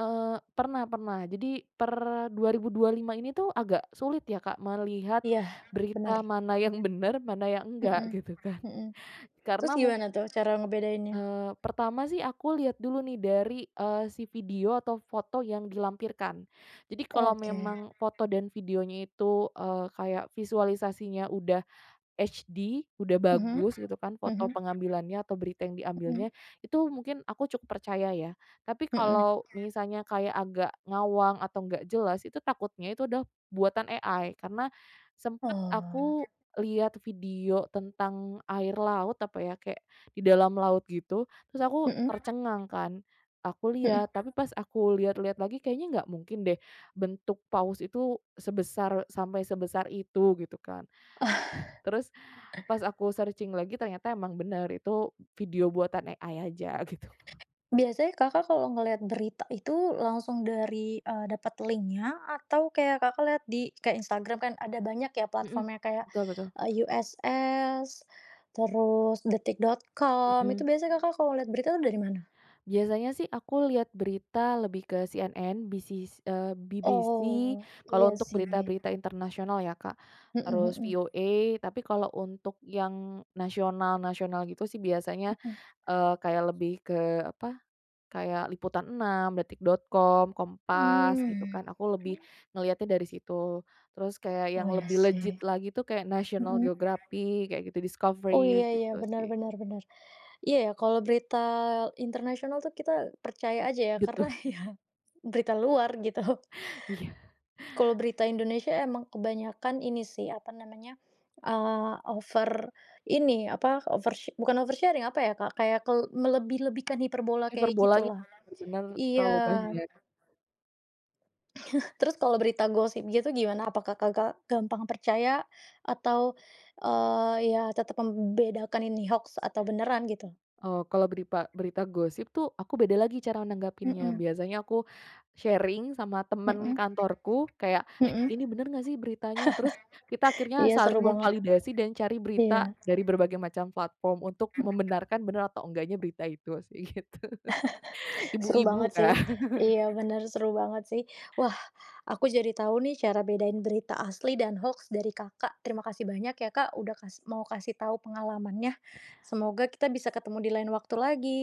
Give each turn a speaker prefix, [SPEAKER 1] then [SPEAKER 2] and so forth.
[SPEAKER 1] Eee. Pernah pernah. Jadi per 2025 ini tuh agak sulit ya, Kak, melihat
[SPEAKER 2] Iya, bener.
[SPEAKER 1] berita mana yang bener, mana yang enggak,
[SPEAKER 2] Mhm
[SPEAKER 1] gitu kan.
[SPEAKER 2] mhm. Terus
[SPEAKER 1] Karena mung
[SPEAKER 2] gimana tuh cara ngebedainnya?
[SPEAKER 1] Eee, pertama sih aku lihat dulu nih dari, eee, si video atau foto yang dilampirkan. Jadi kalau
[SPEAKER 2] Oke.
[SPEAKER 1] memang foto dan videonya itu, eee, kayak visualisasinya udah HD, udah
[SPEAKER 2] Mhm,
[SPEAKER 1] bagus, gitu kan, foto
[SPEAKER 2] mhm.
[SPEAKER 1] pengambilannya atau berita yang diambilnya,
[SPEAKER 2] Mhm.
[SPEAKER 1] itu mungkin aku cukup percaya, ya. Tapi
[SPEAKER 2] Mhm.
[SPEAKER 1] kalau misalnya kayak agak ngawang atau nggak jelas itu takutnya itu adalah buatan AI. Karena sempat
[SPEAKER 2] Oh.
[SPEAKER 1] aku lihat video tentang air laut, apa ya, kayak di dalam laut gitu, terus aku
[SPEAKER 2] Mhm.
[SPEAKER 1] tercengang kan, aku
[SPEAKER 2] Mhm.
[SPEAKER 1] lihat, tapi pas aku lihat-lihat lagi, kayaknya nggak mungkin deh bentuk paus itu sebesar sampai sebesar itu, gitu kan. Terus pas aku searching lagi ternyata emang bener itu video buatan AI aja, gitu.
[SPEAKER 2] Biasanya Kakak kalau ngelihat berita itu langsung dari, eee, dapet link-nya atau kayak Kakak lihat di Instagram, kan ada banyak ya,
[SPEAKER 1] Mhm.
[SPEAKER 2] platform-nya kayak
[SPEAKER 1] Betul betul.
[SPEAKER 2] USS, terus detik.com. Itu
[SPEAKER 1] Mhm.
[SPEAKER 2] biasanya Kakak kalau lihat berita tuh dari mana?
[SPEAKER 1] Biasanya sih aku lihat berita lebih ke CNN, BC eee, BBC,
[SPEAKER 2] Oh,
[SPEAKER 1] kalau
[SPEAKER 2] iya
[SPEAKER 1] untuk
[SPEAKER 2] sih.
[SPEAKER 1] berita-berita internasional, ya, Kak,
[SPEAKER 2] Heeh
[SPEAKER 1] terus
[SPEAKER 2] heeh.
[SPEAKER 1] VOA. Tapi kalau untuk yang nasional-nasional gitu sih biasanya,
[SPEAKER 2] Heeh.
[SPEAKER 1] eee, kayak lebih ke, apa, kayak liputan6, detik.com, Kompas, gitu
[SPEAKER 2] Mmm.
[SPEAKER 1] kan. Aku lebih ngeliatnya dari situ. Terus kayak
[SPEAKER 2] Oh,
[SPEAKER 1] yang
[SPEAKER 2] ya,
[SPEAKER 1] lebih
[SPEAKER 2] sih.
[SPEAKER 1] legit lagi tuh kayak National
[SPEAKER 2] Mhm.
[SPEAKER 1] Geographic, kayak gitu,
[SPEAKER 2] Oh, iya
[SPEAKER 1] Discovery,
[SPEAKER 2] iya,
[SPEAKER 1] gitu
[SPEAKER 2] benar
[SPEAKER 1] sih.
[SPEAKER 2] benar benar. Iya, ya, kalau berita internasional tuh kita percaya aja ya, karena
[SPEAKER 1] Betu
[SPEAKER 2] ya, berita luar gitu,
[SPEAKER 1] Iya.
[SPEAKER 2] kalau berita Indonesia emang kebanyakan ini sih, apa namanya, eee, over ini, apa, over sher bukan over sharing, apa ya, Kak, kayak kel melebih-lebihkan, hiperbola, kayak
[SPEAKER 1] Hiperbolanya
[SPEAKER 2] gitulah.
[SPEAKER 1] benar-benar
[SPEAKER 2] Iya.
[SPEAKER 1] terlalu banyak.
[SPEAKER 2] Terus kalau berita gosip gitu gimana? Apakah Kakak gampang percaya atau, eee, ya, tetap membedakan ini hoaks atau beneran, gitu?
[SPEAKER 1] Oh, kalau beripa berita gosip tuh, aku beda lagi cara nanggapinnya.
[SPEAKER 2] Mhm.
[SPEAKER 1] Biasanya aku sharing sama temen
[SPEAKER 2] Mhm.
[SPEAKER 1] kantorku, kayak, "Eh,
[SPEAKER 2] Mhm.
[SPEAKER 1] ini bener nggak sih beritanya?". Terus kita akhirnya
[SPEAKER 2] Iya, seru
[SPEAKER 1] saling
[SPEAKER 2] banget.
[SPEAKER 1] memvalidasi dan cari berita
[SPEAKER 2] Iya.
[SPEAKER 1] dari berbagai macam platform untuk membenarkan benar atau enggaknya berita itu, sih, gitu.
[SPEAKER 2] Seru
[SPEAKER 1] Ibu-ibu
[SPEAKER 2] banget sih,
[SPEAKER 1] kan.
[SPEAKER 2] iya, bener, seru banget sih. Wah, aku jadi tahu nih cara bedain berita asli dan hoaks dari Kakak. Terima kasih banyak ya, Kak, udah kasih mau kasih tahu pengalamannya. Semoga kita bisa ketemu di lain waktu lagi.